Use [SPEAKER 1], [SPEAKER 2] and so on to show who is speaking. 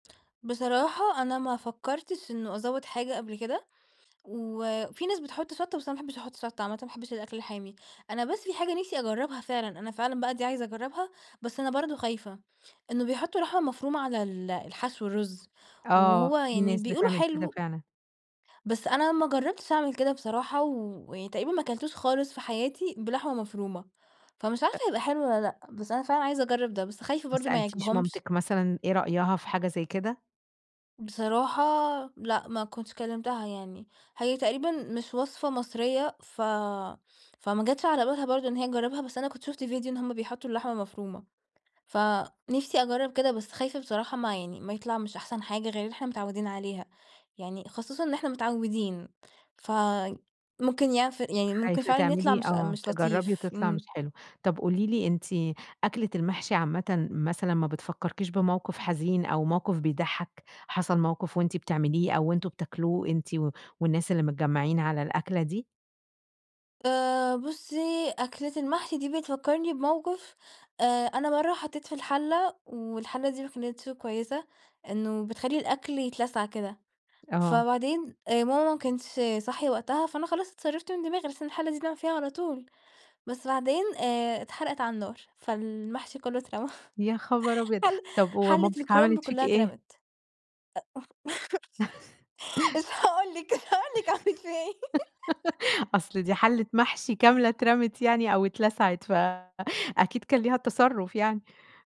[SPEAKER 1] بصراحة، أنا ما فكرتش إنّه أزود حاجة قبل كده، وفي ناس بتحط شطة، بس أنا ما باحبش أحط شطة عامةً، ما باحبش الأكل الحامي. أنا بس في حاجة نفسي أجربها فعلًا، أنا فعلًا بقى دي عايزة أجربها، بس أنا برضو خايفة، إنّه بيحطوا لحمة مفرومة على ال الحشو، الرز،
[SPEAKER 2] آه،
[SPEAKER 1] وهو
[SPEAKER 2] في
[SPEAKER 1] يعني
[SPEAKER 2] ناس
[SPEAKER 1] بيقولوا
[SPEAKER 2] بتعمل كده
[SPEAKER 1] حلو.
[SPEAKER 2] فعلًا.
[SPEAKER 1] بس، أنا ما جرّبتش أعمل كده بصراحة، ويعني تقريبًا ما كلتوش خالص في حياتي بلحمة مفرومة، فمش عارفة
[SPEAKER 2] ت
[SPEAKER 1] هيبقى حلو والّا لأ؟ بس أنا فعلًا عايزة أجرّب ده، بس خايفة
[SPEAKER 2] ما
[SPEAKER 1] برضو ما
[SPEAKER 2] سألتيش
[SPEAKER 1] يعجبهمش.
[SPEAKER 2] مامتِك مثلًا، إيه رأيها في حاجة زي كده؟
[SPEAKER 1] بصراحة لأ، ما كنتش كلمتها يعني. هي تقريبًا مش وصفة مصريّة، ف فما جاتش على بالها برضو إن هي تجرّبها، بس أنا كنت شُفت ڤيديو إن هم بيحطوا اللحمة مفرومة، فنفسي أجرّب كده، بس خايفة بصراحة ما يعني ما يطلع مش أحسن حاجة غير اللي إحنا متعودين عليها، يعني خصوصًا إن إحنا متعودين، فممكن يعف يعني ممكن
[SPEAKER 2] خايفة
[SPEAKER 1] فعلًا يطلع
[SPEAKER 2] تعملي
[SPEAKER 1] مش
[SPEAKER 2] آه،
[SPEAKER 1] مش
[SPEAKER 2] تجرّبي
[SPEAKER 1] لطيف.
[SPEAKER 2] وتطلع مش
[SPEAKER 1] آمم.
[SPEAKER 2] حلو. طب قولي لي أنتِ، أكلة المحشي عامةً مثلًا ما بتفكركيش بموقف حزين أو موقف بيضحك؟ حصل موقف وأنتِ بتعمليه أو أنتم بتاكلوه، أنتِ والناس اللي متجمعين على الأكلة دي؟
[SPEAKER 1] آآ بُصّي، أكلة المحشي دي بتفكرني بموقف. آآ أنا مرّة حطيت في الحلة، والحلة دي ما كانتش كويّسة، إنّه بتخلّي الأكل يتلسع كده.
[SPEAKER 2] آه.
[SPEAKER 1] فبعدين ماما ما كانتش صاحية وقتها، فأنا خلاص اتصرفت من دماغي؛ بحيث إن الحلة دي بنعمل فيها على طول، بس بعدين آآ اتحرقت على النار، فالمحشي كلّه اترمى.
[SPEAKER 2] يا خبر أبيض!
[SPEAKER 1] ح
[SPEAKER 2] طب و
[SPEAKER 1] حلة
[SPEAKER 2] مامتِك
[SPEAKER 1] الكرمب
[SPEAKER 2] عملت فيكِ
[SPEAKER 1] كلها
[SPEAKER 2] إيه؟
[SPEAKER 1] اترمت. مش هاقول لِك مش هاقول لِك عملت فيَّ إيه.
[SPEAKER 2] أصل دي حلة محشي كاملة اترمت يعني أو اتلسعت، فأكيد
[SPEAKER 1] أ
[SPEAKER 2] كان ليها تصرف يعني.